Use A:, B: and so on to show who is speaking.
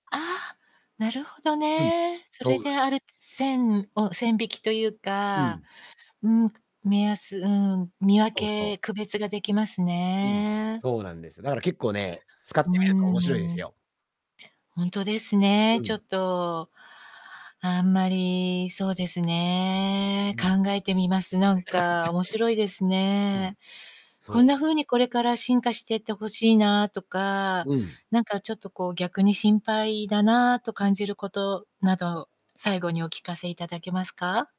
A: ああ、なるほど
B: うん、
A: ね。それ
B: そうで
A: で、あるつ、線を線引きという
B: うん。
A: か、うん、目安うん、見分
B: そうそう。
A: け、区別ができます
B: うん、
A: ね。
B: そうなんですよ。だから結構ね、使っ
A: う
B: てみると面白いで
A: ー
B: す
A: ん。
B: よ。
A: 本当です
B: う
A: ね、ちょっ
B: ん。
A: と、あんまり、そうです
B: う
A: ね。
B: ん。
A: 考えてみます。なんか、面白いです
B: うん、
A: ね。こん
B: そう。
A: な風にこれから進化してって欲しいなとか、
B: うん。
A: なんか、ちょっと、こう、逆に心配だなと感じることなど、最後にお聞かせ頂けますか？